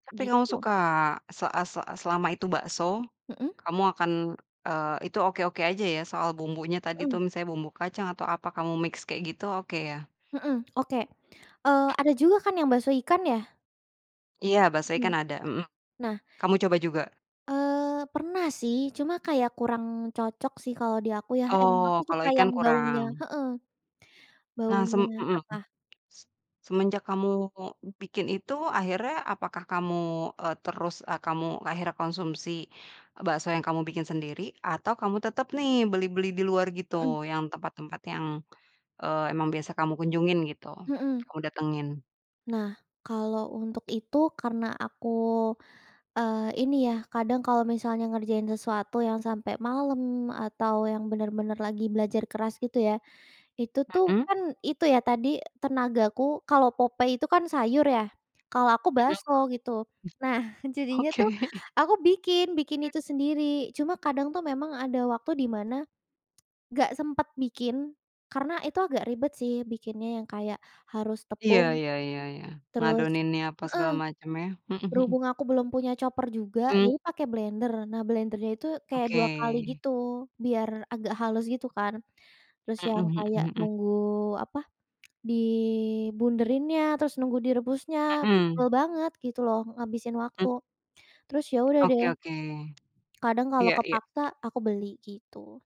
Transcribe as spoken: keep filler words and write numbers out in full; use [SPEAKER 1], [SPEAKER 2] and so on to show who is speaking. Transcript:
[SPEAKER 1] Tapi kamu
[SPEAKER 2] Gitu.
[SPEAKER 1] suka? Se a se a selama itu bakso,
[SPEAKER 2] Mhm.
[SPEAKER 1] kamu akan, eee, itu oke-oke aja ya soal bumbunya tadi tuh,
[SPEAKER 2] Mhm.
[SPEAKER 1] misalnya bumbu kacang atau apa kamu mix kayak gitu, oke ya?
[SPEAKER 2] Mhm, oke. Eee, ada juga kan yang bakso ikan ya?
[SPEAKER 1] Iya bakso
[SPEAKER 2] Hmm.
[SPEAKER 1] ikan ada, mhm,
[SPEAKER 2] Nah.
[SPEAKER 1] kamu coba juga?
[SPEAKER 2] Eee, pernah sih, cuma kayak kurang cocok sih kalau di aku ya, emang
[SPEAKER 1] Oh,
[SPEAKER 2] aku
[SPEAKER 1] kalau
[SPEAKER 2] suka
[SPEAKER 1] ikan
[SPEAKER 2] yang baunya
[SPEAKER 1] kurang.
[SPEAKER 2] heeh.
[SPEAKER 1] Nah, sem
[SPEAKER 2] Baunya
[SPEAKER 1] mhm.
[SPEAKER 2] apa?
[SPEAKER 1] Se semenjak kamu bikin itu, akhirnya, apakah kamu, eee, terus kamu akhirnya konsumsi, bakso yang kamu bikin sendiri, atau kamu tetep nih beli-beli di luar gitu,
[SPEAKER 2] Mhm.
[SPEAKER 1] yang tempat-tempat yang, eee, emang biasa kamu kunjungin gitu,
[SPEAKER 2] Mhm.
[SPEAKER 1] kamu datengin?
[SPEAKER 2] Nah, kalau untuk itu, karena aku, eee, ini ya, kadang kalau misalnya ngerjain sesuatu yang sampai malam, atau yang benar-benar lagi belajar keras gitu ya. Itu tuh
[SPEAKER 1] Mhm.
[SPEAKER 2] kan itu ya, tadi tenagaku kalau Popeye itu kan sayur ya, kalau aku
[SPEAKER 1] Mhm.
[SPEAKER 2] bakso gitu. Nah, jadinya
[SPEAKER 1] Oke.
[SPEAKER 2] tuh aku bikin bikin
[SPEAKER 1] He
[SPEAKER 2] itu sendiri. Cuma kadang tuh memang ada waktu di mana, nggak sempet bikin, karena itu agak ribet sih bikinnya, yang kayak harus
[SPEAKER 1] Iya
[SPEAKER 2] tepung,
[SPEAKER 1] iya iya iya.
[SPEAKER 2] terus
[SPEAKER 1] Ngadoninnya apa
[SPEAKER 2] heeh.
[SPEAKER 1] segala macem ya, mhm mhm.
[SPEAKER 2] Berhubung aku belum punya chopper juga,
[SPEAKER 1] Mmm.
[SPEAKER 2] jadi pakai blender. Nah blendernya itu, kayak
[SPEAKER 1] Oke.
[SPEAKER 2] dua kali gitu, biar agak halus gitu kan. Terus
[SPEAKER 1] Mhm
[SPEAKER 2] yang
[SPEAKER 1] mhm
[SPEAKER 2] kayak
[SPEAKER 1] mhm.
[SPEAKER 2] nunggu apa, di bunderinnya, terus nunggu direbusnya, tebel
[SPEAKER 1] Mhm.
[SPEAKER 2] banget gitu loh, ngabisin waktu.
[SPEAKER 1] Mmm.
[SPEAKER 2] Terus ya udah
[SPEAKER 1] Oke
[SPEAKER 2] deh,
[SPEAKER 1] oke.
[SPEAKER 2] kadang kalau
[SPEAKER 1] Iya iya.
[SPEAKER 2] kepaksa, aku beli, gitu.